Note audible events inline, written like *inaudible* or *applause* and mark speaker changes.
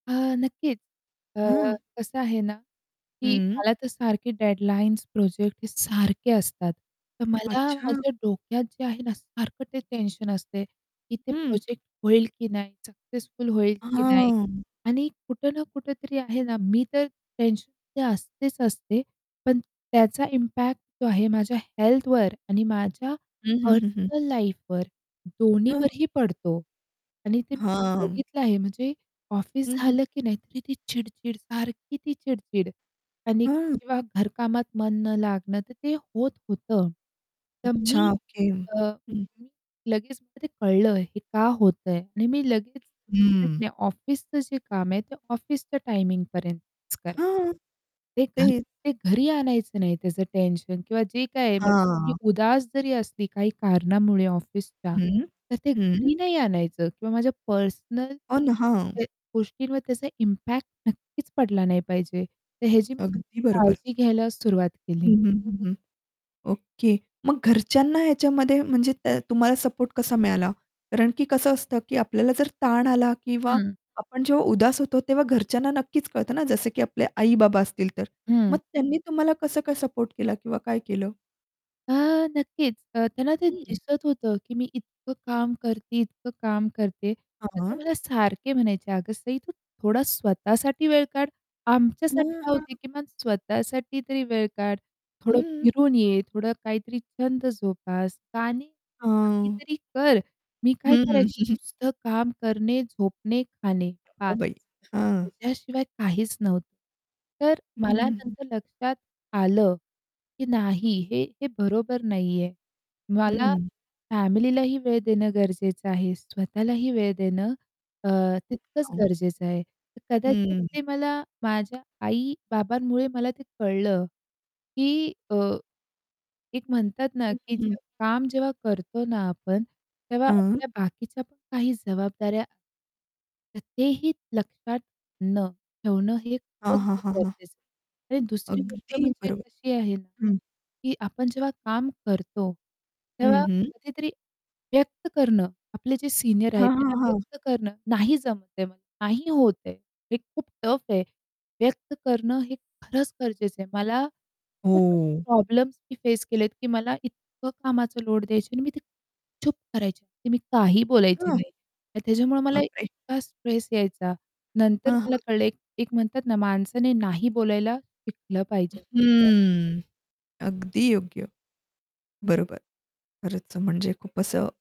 Speaker 1: हां. नक्कीच. अ,
Speaker 2: हं.
Speaker 1: कसं आहे ना, की
Speaker 2: हं.
Speaker 1: मला तर सारखे डेडलाईन्स प्रोजेक्ट हे सारखे असतात. तर मला
Speaker 2: अच्छा.
Speaker 1: माझ्या डोक्यात जे आहे ना, सारखं ते टेन्शन असते की ते
Speaker 2: हं.
Speaker 1: प्रोजेक्ट होईल की नाही, सक्सेसफुल होईल की नाही.
Speaker 2: हां.
Speaker 1: आणि कुठं ना कुठेतरी आहे ना, मी तर टेन्शनमध्ये असतेच असते. पण त्याचा इम्पॅक्ट जो आहे माझ्या हेल्थवर आणि माझ्या
Speaker 2: हं, हं, हं, हं.
Speaker 1: पर्सनल लाईफवर
Speaker 2: हं.
Speaker 1: दोन्हीवरही पडतो. आणि ते मी
Speaker 2: हां.
Speaker 1: बघितलं आहे म्हणजे ऑफिस
Speaker 2: हं, हं.
Speaker 1: झालं की नाही, तरी ती चिड-चिड सारखी ती चिड-चिड. आणि
Speaker 2: हां.
Speaker 1: किंवा घरकामात मन न लागणं. तर ते होत होतं. तर मी
Speaker 2: अच्छा. ओके.
Speaker 1: अ,
Speaker 2: हं.
Speaker 1: मी लगेच मला ते कळलं हे का होतंय आणि मी लगेच म्हटलं की
Speaker 2: हं.
Speaker 1: नाही ऑफिसचं जे काम आहे, ते ऑफिसच्या टायमिंगपर्यंतच करेल.
Speaker 2: हां.
Speaker 1: ते घरी
Speaker 2: तेच.
Speaker 1: ते घरी आणायचं नाही त्याचं टेन्शन. किंवा जे काही म्हणजे मी
Speaker 2: हां.
Speaker 1: उदास जरी असली काही कारणामुळे ऑफिसच्या,
Speaker 2: हं,
Speaker 1: तर ते
Speaker 2: हं.
Speaker 1: घरी नाही आणायचं किंवा माझ्या पर्सनल
Speaker 2: हो ना. हां.
Speaker 1: त्या गोष्टींवर त्याचा इम्पॅक्ट नक्कीच पडला नाही पाहिजे. तर ह्याची मी नक्की
Speaker 2: अगदी बरोबर.
Speaker 1: काळजी घ्यायला सुरुवात केली.
Speaker 2: हं, हं, हं, हं. ओके. मग घरच्यांना ह्याच्यामध्ये म्हणजे त्या तुम्हाला सपोर्ट कसा मिळाला? कारण की कसं असतं की आपल्याला जर ताण आला किंवा
Speaker 1: हं.
Speaker 2: आपण जेव्हा उदास होतो, तेव्हा घरच्यांना नक्कीच कळतं ना. जसं की आपले आई-बाबा असतील तर. मग
Speaker 1: हं.
Speaker 2: त्यांनी तुम्हाला कसं काय सपोर्ट केला किंवा काय केलं?
Speaker 1: हां. नक्कीच. अ, त्यांना ते
Speaker 2: हं.
Speaker 1: दिसत होतं की मी इतकं काम करते, इतकं काम करते. तर ते
Speaker 2: हां.
Speaker 1: मला सारखे म्हणायचे, "अगं सई, तू थोडा स्वतःसाठी वेळ काढ. आमच्यासाठी
Speaker 2: हां,
Speaker 1: राहू दे,
Speaker 2: हां.
Speaker 1: किमान स्वतःसाठी तरी वेळ काढ. थोडं
Speaker 2: हं.
Speaker 1: फिरून ये, थोडं काहीतरी छंद जोपास, का नाही.
Speaker 2: हां.
Speaker 1: काहीतरी कर." मी काय
Speaker 2: हं.
Speaker 1: करायची?
Speaker 2: *chuckles*
Speaker 1: नुसतं काम करणे, झोपणे, खाणे
Speaker 2: *chuckles* अगं
Speaker 1: बास.
Speaker 2: बाई, हां.
Speaker 1: त्याच्याशिवाय काहीच नव्हतं. तर
Speaker 2: हं,
Speaker 1: मला
Speaker 2: हं, हं.
Speaker 1: नंतर लक्षात आलं की नाही हे, हे बरोबर नाही आहे. मला
Speaker 2: हं.
Speaker 1: फॅमिलीलाही वेळ देणं गरजेचं आहे. स्वतःलाही वेळ देणं अ, तितकंच
Speaker 2: *unintelligible*
Speaker 1: गरजेचं आहे. तर कदाचित
Speaker 2: हं.
Speaker 1: ते मला माझ्या आई-बाबांमुळे मला ते कळलं की अ, एक म्हणतात ना
Speaker 2: हं,
Speaker 1: की
Speaker 2: हं.
Speaker 1: जे काम जेव्हा करतो ना आपण, तेव्हा
Speaker 2: हां.
Speaker 1: आपल्या बाकीच्या पण काही जबाबदाऱ्या तर तेही लक्षात ...न ठेवणं हे
Speaker 2: हां,
Speaker 1: खरंच
Speaker 2: हां,
Speaker 1: खूपच
Speaker 2: हां, हां.
Speaker 1: गरजेचं आहे. आणि दुसरी गोष्ट
Speaker 2: अगदी
Speaker 1: म्हणजे
Speaker 2: बरो
Speaker 1: अशी आहे
Speaker 2: हं.
Speaker 1: की आपण जेव्हा काम करतो,
Speaker 2: हं,
Speaker 1: तेव्हा
Speaker 2: हं.
Speaker 1: कधीतरी व्यक्त करणं, आपले जे सीनियर आहेत
Speaker 2: हां, हां,
Speaker 1: त्यांना
Speaker 2: हां.
Speaker 1: व्यक्त करणं नाही जमत आहे, नाही होत आहे, हे खूप टफ आहे व्यक्त करणं हे खरंच गरजेचं आहे. मला खूप असे
Speaker 2: हो.
Speaker 1: प्रॉब्लेम्स मी फेस केलेत की मला इतकं कामाचा लोड द्यायची आणि मी ते चूपचाप करायची की मी काही बोलायची
Speaker 2: हां.
Speaker 1: नाही. त्याच्यामुळे मला
Speaker 2: बाप रे!
Speaker 1: इतका स्ट्रेस यायचा. नंतर
Speaker 2: हां,
Speaker 1: मला
Speaker 2: हां.
Speaker 1: कळले एक एक म्हणतात ना माणसाने नाही बोलायला शिकलं
Speaker 2: अ,
Speaker 1: पाहिजे. हां.
Speaker 2: हं. अगदी योग्य. बरोबर. खरंच म्हणजे खूप असं